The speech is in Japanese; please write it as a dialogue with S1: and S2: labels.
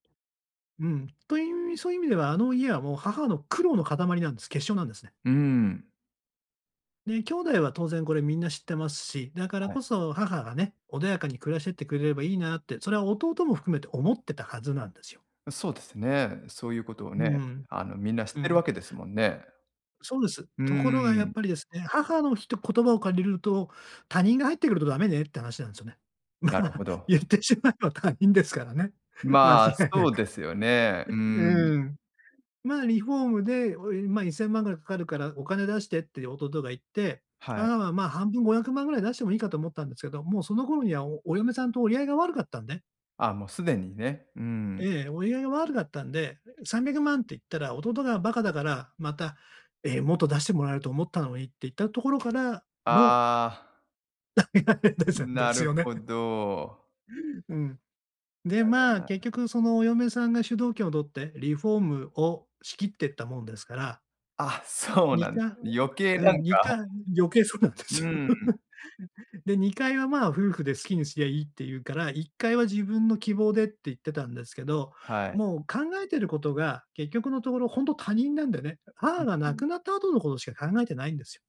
S1: うん。という、そういう意味ではあの家はもう母の苦労の塊なんです、結晶なんですね。
S2: うん。
S1: ね、兄弟は当然これみんな知ってますし、だから
S2: はい。
S1: こそ母がね、穏やかに暮らしてってくれればいいなって、それは弟も含めて思ってたはずなんですよ。
S2: そうですね、そういうことを
S1: う
S2: ね、
S1: ん。
S2: あの、みんな知っ
S1: う
S2: てる
S1: ん。
S2: わけですもんね。
S1: そうです。
S2: うん
S1: とこ
S2: う
S1: ろが
S2: ん
S1: や
S2: う
S1: っ
S2: ん。
S1: ぱりですね、母のひと言葉を借りると「他人が入ってくるとダメね」って話なんですよね。ま、
S2: なるほど。
S1: 言ってしまえば他人ですからね。間違
S2: ま、
S1: いな
S2: そう
S1: く。
S2: ですよね。うー ん。
S1: うん。ま、リフォームで、おいま、1000万ぐらいかかるから「お金出してって」弟が言って、
S2: はい。
S1: あ、ま、半分500万ぐらい出してもいいかと思ったんですけど、もうその頃にはおお嫁さんと折り合いが悪かったんで
S2: あ、もうすでにね、うん。
S1: ええ、折り合いが悪かったんで300万って言ったら弟がバカだから、また「え、もっと出してもらえると思ったのに」って言った「打-明」ところからの
S2: ああ。
S1: ですで
S2: な
S1: す
S2: る
S1: よね。
S2: ほど。
S1: うん。で、
S2: なるほど
S1: ま、
S2: な。
S1: 結局そのお嫁さんが主導権を取って、リフォームを仕切ってったもんですから
S2: あ、そう
S1: に
S2: なん、
S1: かんを
S2: 余計
S1: う
S2: な
S1: ん、
S2: ん
S1: にか
S2: か
S1: ん余計そうなんで
S2: うん
S1: す
S2: う
S1: よ。
S2: んうん。
S1: で、2階は、ま、夫婦で好きにすりゃいいって言うから、1階は自分の希望でって言ってたんですけど、
S2: はい。
S1: もう考えてることが、結局のところほんと他人なんだよね。母
S2: ん、
S1: が
S2: う
S1: 亡
S2: ん。
S1: くなった後のことしか考えてないんですよ。